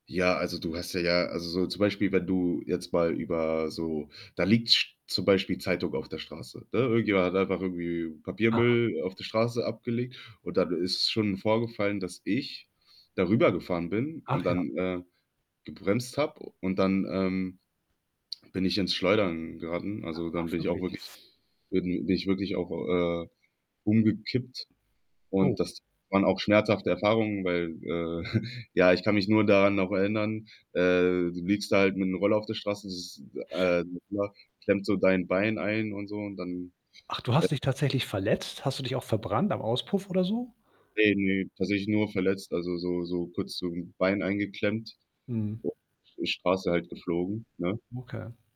Ja, also, du hast ja ja also, so zum Beispiel, wenn du jetzt mal über so da liegt sch zum Beispiel Zeitung auf der Straße, ne? Irgendjemand hat einfach irgendwie Ah. Papiermüll auf der Straße abgelegt und dann ist schon vorgefallen, dass ich da rübergefahren bin und Ach ja. dann, äh, gebremst habe und dann, ähm, bin ich ins Schleudern geraten. Also, dann Ach bin ich auch wirklich. wirklich bin bin ich wirklich auch, äh, umgekippt. Oh. Und das waren auch schmerzhafte Erfahrungen, weil, äh ja, ich kann mich nur daran auch erinnern. Äh, du liegst halt mit 'nem Roller auf der Straße, das ist äh, [unintelligible] klemmt so dein Bein ein und so und dann, Ach, du äh hast dich tatsächlich verletzt? Hast du dich auch verbrannt am Auspuff oder so? Ne, ne, tatsächlich nur verletzt, also, so so kurz zum Bein eingeklemmt. Mhm. [unintelligible] Die Straße halt geflogen, ne? Okay.